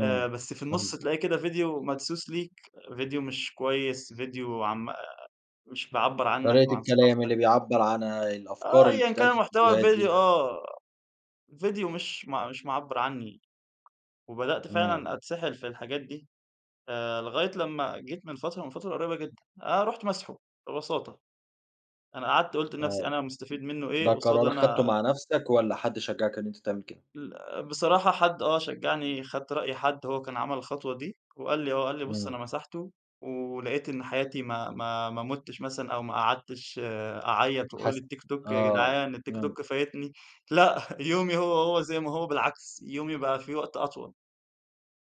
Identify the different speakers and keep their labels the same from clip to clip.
Speaker 1: آآ، بس في النُصّ
Speaker 2: فهمتك.
Speaker 1: تلاقي كده فيديو مدسوس ليك، فيديو مش كويِس، فيديو عن م آآ، مش بيعبّر عنك
Speaker 2: طريقة
Speaker 1: وعن
Speaker 2: الكلام
Speaker 1: ثقافتَك.
Speaker 2: اللي بيعبِّر عنها
Speaker 1: آه،
Speaker 2: الأفكار اللي
Speaker 1: أيًا كان
Speaker 2: بتتقال في
Speaker 1: المحتوى
Speaker 2: الفيديوهات
Speaker 1: الفيديو،
Speaker 2: دي.
Speaker 1: آه، فيديو مش م مش معبِّر عنِّي. وبدأت
Speaker 2: امم.
Speaker 1: فعلًا أتسحَّل في الحاجات دي. آآ، لغاية لمَّا جيت من فترة، من فترة قريبة جدًا، آآ، رُحت ماسحه ببساطة. أنا قعدت قُلت لنفسي:
Speaker 2: آه.
Speaker 1: "أنا مستفيد منه إيه؟"
Speaker 2: ده
Speaker 1: قُصَّاد
Speaker 2: قرار خدته
Speaker 1: أنا
Speaker 2: مع نفسك والَّا حد شجعك إن أنت تعمل كده؟
Speaker 1: ال بصراحة، حد آه شجَّعني، خدت رأي حد، هو كان عمل الخطوة دي، وقال لي، هو قال لي: "بُص، أنا
Speaker 2: امم.
Speaker 1: مسحته، ولقِيت إن حياتي ما ما ما مُتِّش مثلًا، أو ما قعدتِش آآ، أعيَّط وأقول:
Speaker 2: حس
Speaker 1: الTikTok يا
Speaker 2: آه،
Speaker 1: جدعان،
Speaker 2: امم.
Speaker 1: الTikTok فايِتني." لأ، يومي هو هو، زي ما هو، بالعكس، يومي بقى فيه وقت أطول.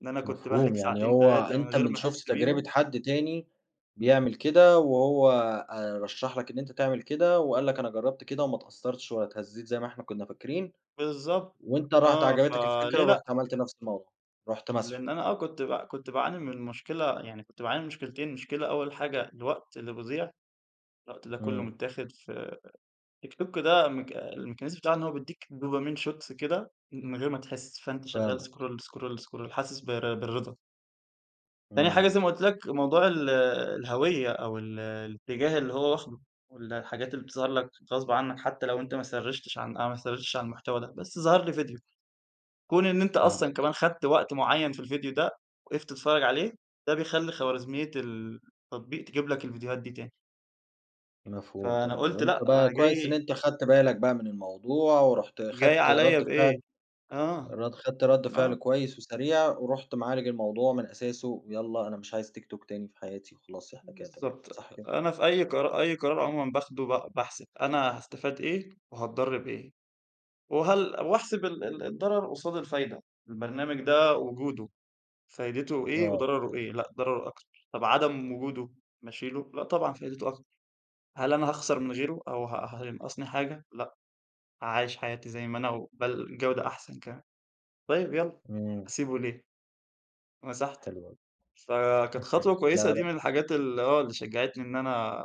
Speaker 1: إن أنا كنت باهلَك
Speaker 2: مفهوم، يعني
Speaker 1: ساعتين،
Speaker 2: هو
Speaker 1: 3 من
Speaker 2: أنتَ
Speaker 1: غير
Speaker 2: من
Speaker 1: ما
Speaker 2: شُفت
Speaker 1: أحس
Speaker 2: تجربة
Speaker 1: بيهم.
Speaker 2: حد تاني بيعمل كده، وهو آآ، رشَّح لك إن أنتَ تعمل كده، وقال لك: "أنا جرَّبت كده وما اتأثَّرتِش ولا اتهزّيت زي ما إحنا كنّا فاكرين."
Speaker 1: بالضبط.
Speaker 2: وأنتَ رُحت
Speaker 1: آه،
Speaker 2: عجبتَك الفكرة،
Speaker 1: فليه لأ؟
Speaker 2: ورُحت عملت نفس الموضوع، رُحت ماسحه.
Speaker 1: لأن أنا آه كنت ب كنت باعاني من مشكلة، يعني كنت باعاني من مشكِلتين. مشكلة أوَّل حاجة الوقت اللي بيضيع، الوقت ده كله
Speaker 2: امم.
Speaker 1: متاخد في TikTok ده، م الmechanism بتاعه إن هو بيدِّيك dopamine shots كده من غير ما تحِس، فأنتَ شغَّال
Speaker 2: فاهمك.
Speaker 1: scroll ,scroll, scroll، حاسس بالر بالرضا. تاني حاجة،
Speaker 2: امم.
Speaker 1: زي ما قُلت لك، موضوع ال الهويَّة أو ال الاتجاه اللي هو واخده، وال الحاجات اللي بتظهر لك غصبًا عنك، حتى لو أنتَ ما سرِّيشتِش عن أو ما سرِّيشتِش عن المحتوى ده، بس ظهر لي فيديو. كون إن أنتَ أصلًا
Speaker 2: فاهمك.
Speaker 1: كمان اخدّت وقت معيَّن في الفيديو ده، وقِفت تتفرَّج عليه، ده بيخلِّي خوارزمية ال التطبيق تجيب لك الفيديوهات دي تاني.
Speaker 2: مفهوم
Speaker 1: فأنا
Speaker 2: طبعًا.
Speaker 1: قُلت لأ،
Speaker 2: وأنتَ بقى
Speaker 1: أنا
Speaker 2: كويِس إن
Speaker 1: جاي
Speaker 2: أنتَ خدت بالَك بقى من الموضوع، ورُحت
Speaker 1: جاي
Speaker 2: خدت
Speaker 1: عليّا
Speaker 2: ردّ
Speaker 1: بإيه؟
Speaker 2: فعل
Speaker 1: آه،
Speaker 2: رد خدت ردّ فعل
Speaker 1: آه.
Speaker 2: كويِس وسريع، ورُحت معالج الموضوع من أساسه. ويالَّا، "أنا مش عايِز TikTok تاني في حياتي،" وخلاص إحنا كده تمام.
Speaker 1: بالضبط،
Speaker 2: صح كده؟
Speaker 1: أنا في أي قر أي قرار عمومًا باخُده، ب باحسب أنا هاستفاد إيه وهاتضرّ بإيه. وهل وأحسب ال ال الضرَر قُصاد الفايدة. البرنامج ده وجوده، فايدته إيه
Speaker 2: آه.
Speaker 1: وضرَره إيه؟ لأ، ضرَره أكتر. طب عدم وجوده، ما اشيله؟ لأ، طبعًا فايدته أكتر. هل أنا هاخسَر من غيره، أو ه هينقَّصني حاجة؟ لأ. عايِش حياتي زي ما أنا، وبل جودة أحسن كمان. طيب يالَّا،
Speaker 2: امم.
Speaker 1: هاسيبه ليه؟ مسَحته.
Speaker 2: حلو أوي.
Speaker 1: فكانت خطوة
Speaker 2: لا
Speaker 1: كويِسة، دي
Speaker 2: يار
Speaker 1: من الحاجات ال آه، اللي شجَّعتني، إن أنا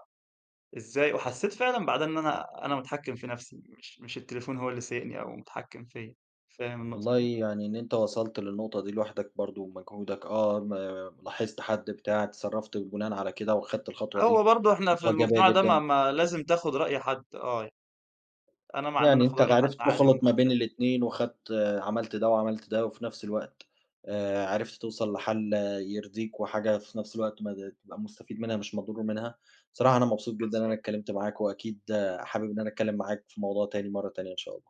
Speaker 1: إزاي وحسّيت فعلًا بعدها إن أنا أنا متحكّم في نفسي، مش مش التليفون هو اللي سايِقني أو متحكّم فيَّا. فاهم النقطة
Speaker 2: والله،
Speaker 1: دي؟
Speaker 2: يعني إن أنت وصلت للنقطة دي لوحدك، برضو بمجهودك، آه، ما لاحظت حد بتاع، اتصرفت بناء على كده، وخدت الخطوة
Speaker 1: هو
Speaker 2: دي،
Speaker 1: برضو إحنا في
Speaker 2: خطوة إيجابية
Speaker 1: المجتمع ده ما
Speaker 2: جدًا.
Speaker 1: ما لازم تاخد رأي حد. آه. أنا مع إن أنا
Speaker 2: يعني
Speaker 1: آخد
Speaker 2: أنتَ
Speaker 1: رأي حد،
Speaker 2: عرفت
Speaker 1: عادي من
Speaker 2: تخلط ما
Speaker 1: حد
Speaker 2: بين
Speaker 1: تاني.
Speaker 2: الاتنين، وخدت آآ، عملت ده، وعملت ده، وفي نفس الوقت آآ، عرفت توصل لحَلّ آآ، يرضِيك، وحاجة في نفس الوقت ما تبقى مستفيد منها مش مضرور منها. بصراحة أنا مبسوط جدًا إن أنا
Speaker 1: بالضبط.
Speaker 2: اتكلَّمت معاك، وأكيد آآ، حابِب إن أنا أتكلَّم معاك في موضوع تاني مرَّة تانية إن شاء الله.